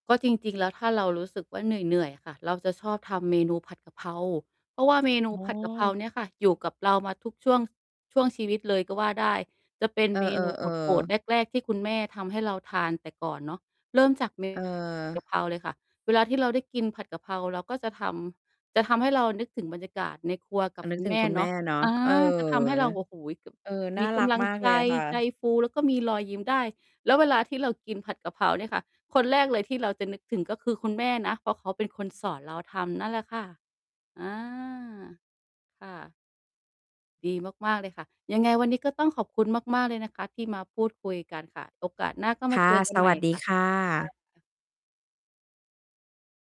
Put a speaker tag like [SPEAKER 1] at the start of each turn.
[SPEAKER 1] ก็จริง ๆ แล้ว ถ้าเรารู้สึกว่าเหนื่อย ๆ ค่ะ เราจะชอบทำเมนูผัดกะเพรา เพราะว่าเมนู
[SPEAKER 2] อ๋
[SPEAKER 1] ผัดกะเพรา
[SPEAKER 2] อ
[SPEAKER 1] เนี่ยค่ะ อยู่กับเรามาทุกช่วง ช่วงชีวิตเลยก็ว่าได้ จะเป็น
[SPEAKER 2] เออ
[SPEAKER 1] เมนูโปรด
[SPEAKER 2] ๆ
[SPEAKER 1] ๆ
[SPEAKER 2] ๆ
[SPEAKER 1] แรก ๆ ที่คุณแม่ทำให้เราทานแต่ก่อนเนาะ เริ่มจาก เม
[SPEAKER 2] เ
[SPEAKER 1] ก
[SPEAKER 2] ออ
[SPEAKER 1] ะเพราเลยค่ะ เวลาที่เราได้กินผัดกะเพรา เราก็จะทำ จะทำให้เรานึกถึงบรรยากาศในครัวกั
[SPEAKER 2] อ
[SPEAKER 1] บ
[SPEAKER 2] า นึ
[SPEAKER 1] คุ
[SPEAKER 2] ก
[SPEAKER 1] ณ
[SPEAKER 2] ถึ
[SPEAKER 1] แม
[SPEAKER 2] ง
[SPEAKER 1] ่
[SPEAKER 2] คุณแ
[SPEAKER 1] เน
[SPEAKER 2] ม่
[SPEAKER 1] าะ
[SPEAKER 2] เนาะ
[SPEAKER 1] อา
[SPEAKER 2] เออ
[SPEAKER 1] จะทำให้เรา โอ้โฮ ก
[SPEAKER 2] เออ น่
[SPEAKER 1] ม
[SPEAKER 2] า
[SPEAKER 1] ีก
[SPEAKER 2] รัก
[SPEAKER 1] ำลัง
[SPEAKER 2] มาก
[SPEAKER 1] ใ
[SPEAKER 2] เ
[SPEAKER 1] จ
[SPEAKER 2] ลยค่
[SPEAKER 1] ใจ
[SPEAKER 2] ะ
[SPEAKER 1] ฟู แล้วก็มีรอยยิ้มได้ แล้วเวลาที่เรากินผัดกะเพราเนี่ยค่ะ คนแรกเลยที่เราจะนึกถึงก็คือคุณแม่นะ เพราะเขาเป็นคนสอนเราทำ นั่นแหละค่ะ อา ค่ะ ดีมาก ๆ เลยค่ะ ยังไงวันนี้ก็ต้องขอบคุณมาก ๆ เลยนะคะที่มาพูดคุยกันค่ะ โอกาสหน้าก็
[SPEAKER 2] ค
[SPEAKER 1] มา
[SPEAKER 2] ่
[SPEAKER 1] เจ
[SPEAKER 2] ะ
[SPEAKER 1] อกั
[SPEAKER 2] ส
[SPEAKER 1] นให
[SPEAKER 2] ว
[SPEAKER 1] ม่
[SPEAKER 2] ัสด
[SPEAKER 1] ค
[SPEAKER 2] ี
[SPEAKER 1] ่ะ
[SPEAKER 2] ค่
[SPEAKER 1] ค่
[SPEAKER 2] ะ
[SPEAKER 1] ะ